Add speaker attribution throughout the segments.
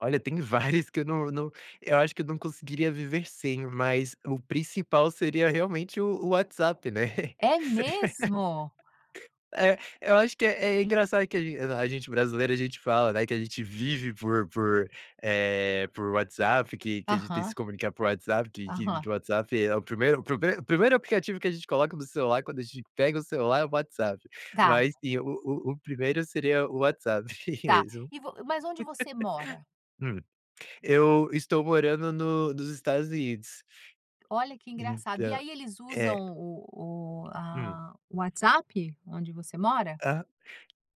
Speaker 1: Olha, tem vários que eu não não eu acho que eu não conseguiria viver sem, mas o principal seria realmente o o WhatsApp, né?
Speaker 2: É mesmo?
Speaker 1: É, eu acho que é é engraçado que a gen a gente brasileiro, a gente fala, né, que a gente vive por por, eh, por WhatsApp, que que a gente tem que
Speaker 2: Aham.
Speaker 1: se comunicar por WhatsApp, que que
Speaker 2: Aham.
Speaker 1: o WhatsApp é o primeiro primeiro primeiro aplicativo que a gente coloca no celular, quando a gente pega o celular, é o WhatsApp.
Speaker 2: Tá.
Speaker 1: Mas e o o o primeiro seria o WhatsApp mesmo.
Speaker 2: Tá, e vo mas onde você mora?
Speaker 1: Hum. Eu estou morando no nos Estados Unidos.
Speaker 2: Olha, que engraçado, e
Speaker 1: Então.
Speaker 2: aí eles
Speaker 1: É.
Speaker 2: usam o o,
Speaker 1: Hum.
Speaker 2: ah, WhatsApp onde você mora?
Speaker 1: Aham.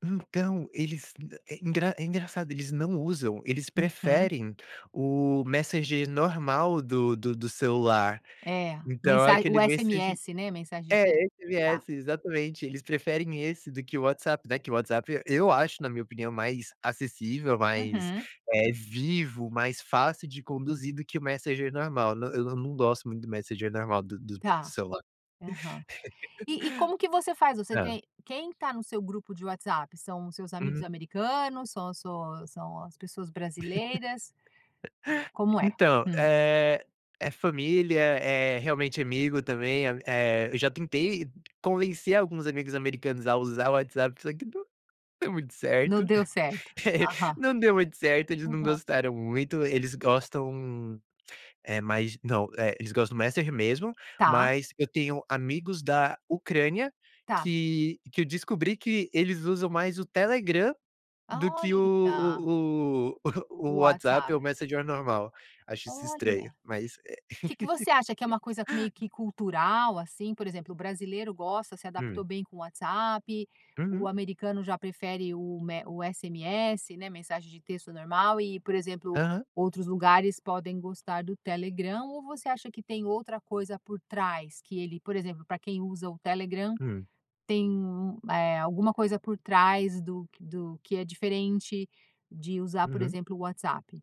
Speaker 1: Então, eles, eh, é engra é engraçado, eles não usam. Eles
Speaker 2: Uhum.
Speaker 1: preferem o Messenger normal do do do celular.
Speaker 2: É,
Speaker 1: Então, é
Speaker 2: mensagem O
Speaker 1: aquele Messenger
Speaker 2: SMS, né, mensagem de
Speaker 1: é,
Speaker 2: texto, tá.
Speaker 1: SMS exatamente! Eles preferem esse do que o WhatsApp, né, que o WhatsApp. Eu acho, na minha opinião, mais acessível, mais,
Speaker 2: Uhum.
Speaker 1: eh, vivo, mais fácil de conduzir do que o Messenger normal. Não, eu não não gosto muito do Messenger normal, do do
Speaker 2: Está,
Speaker 1: celular.
Speaker 2: aham. E e como que você faz? Você
Speaker 1: Hã.
Speaker 2: tem quem está no seu grupo de WhatsApp? São os seus amigos
Speaker 1: Uhum.
Speaker 2: americanos, são as suas são as pessoas brasileiras? Como é?
Speaker 1: Então,
Speaker 2: Hum.
Speaker 1: eh, é família, é realmente amigo também. Eh, eu já tentei convencer alguns amigos americanos a usar o WhatsApp, só que não deu muito
Speaker 2: Não
Speaker 1: certo,
Speaker 2: deu certo. Aham.
Speaker 1: não deu muito certo, eles não
Speaker 2: Aham.
Speaker 1: gostaram muito. Eles gostam, eh, mais não, eles gostam do messenger mesmo,
Speaker 2: Está.
Speaker 1: mas eu tenho amigos da Ucrânia
Speaker 2: Tá.
Speaker 1: que que eu descobri que eles usam mais o Telegram do que
Speaker 2: Olha!
Speaker 1: o o o
Speaker 2: O
Speaker 1: WhatsApp,
Speaker 2: WhatsApp.
Speaker 1: ou o normal. Acho isso estranho,
Speaker 2: Olha.
Speaker 1: mas, eh
Speaker 2: Que que você acha que é uma coisa meio que cultural, assim? Por exemplo, o brasileiro gosta, se adaptou
Speaker 1: Hum.
Speaker 2: bem com o WhatsApp, o
Speaker 1: Uhum.
Speaker 2: americano já prefere o o me o SMS, né, mensagem de texto normal. E, por exemplo,
Speaker 1: Aham.
Speaker 2: outros lugares podem gostar do Telegram, ou você acha que tem outra coisa por trás, que ele, por exemplo, para quem usa o Telegram,
Speaker 1: Hum.
Speaker 2: tem alguma, eh, coisa por trás do que do que é diferente de usar, por
Speaker 1: Uhum.
Speaker 2: exemplo, o WhatsApp?